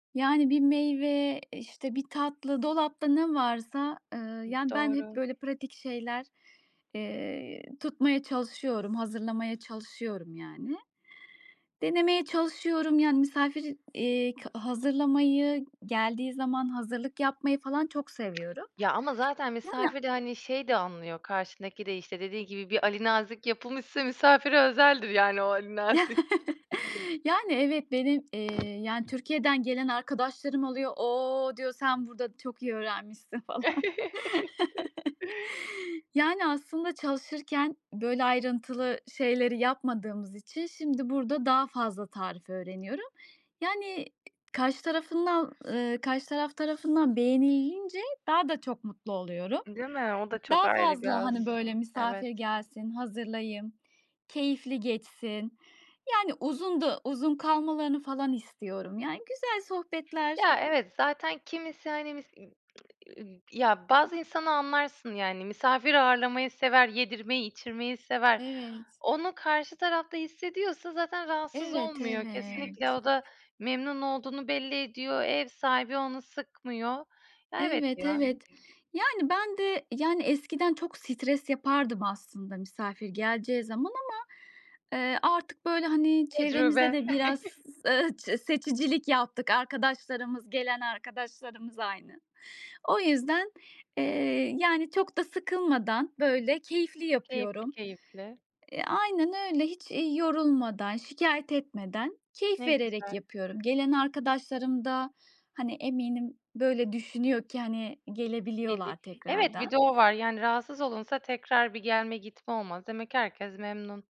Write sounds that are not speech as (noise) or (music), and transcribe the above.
Yani bir meyve, işte, bir tatlı dolapta ne varsa, eee, I yani ben hep Doğru. böyle pratik şeyler, eee, tutmaya çalışıyorum, hazırlamaya çalışıyorum, yani. Denemeye çalışıyorum, yani, misafir, eee, ka hazırlamayı, geldiği zaman hazırlık yapmayı falan çok (smacks lips) seviyorum. Ya, ama zaten Yani misafir de, hani, şeyi de anlıyor karşındaki de, işte, dediği gibi bir alinazik yapılmışsa misafire özeldir yani o alinazik. (chuckles) Yani, evet, benim, eee, yani, Türkiye'den gelen arkadaşlarım oluyor. "O!" diyor, "Sen burada çok iyi öğrenmişsin." falan. (chuckles) (chuckles) Yani, aslında çalışırken böyle ayrıntılı şeyleri yapmadığımız için şimdi burada daha fazla tarif öğreniyorum. Yani karşı tarafın da eee, karşı taraf tarafından beğenilince daha da çok mutlu oluyorum. Değil mi? O da çok Daha ayrı bir fazla, haz. hani, böyle Evet. misafir gelsin, hazırlayayım, keyifli geçsin. Yani, uzun du uzun kalmalarını falan istiyorum. Yani, güzel sohbetler Ya, evet, zaten kimisi, hani, mis ııı, ııı, ya, bazı insana anlarsın yani misafir ağırlamayı sever, yedirmeyi, içirmeyi sever. Evet. Onu karşı taraf da hissediyorsa zaten rahatsız Evet, olmuyor evet. kesinlikle o da memnun olduğunu belli ediyor, ev sahibi onu sıkmıyor. Ya, evet Evet, ya. evet. Yani, ben de, yani, eskiden çok stres yapardım aslında misafir geleceği zaman ama, eee, artık, böyle, hani, çevremizde Tecrübe. de biraz, (chuckles) ııı, ç seçicilik yaptık arkadaşlarımız gelen arkadaşlarımız aynı. O yüzden, eee, yani çok da sıkılmadan, böyle, keyifli Keyifli, yapıyorum. keyifli. Eee, aynen öyle. Hiç, iii, yorulmadan, şikâyet etmeden keyif Ne vererek güzel. yapıyorum. Gelen arkadaşlarım da, hani, eminim böyle düşünüyor ki, hani, gelebiliyorlar (unintelligible) Evet, bir de tekrardan. o var. Yani rahatsız olunsa tekrar bir gelme gitme olmaz. Demek ki herkes memnun.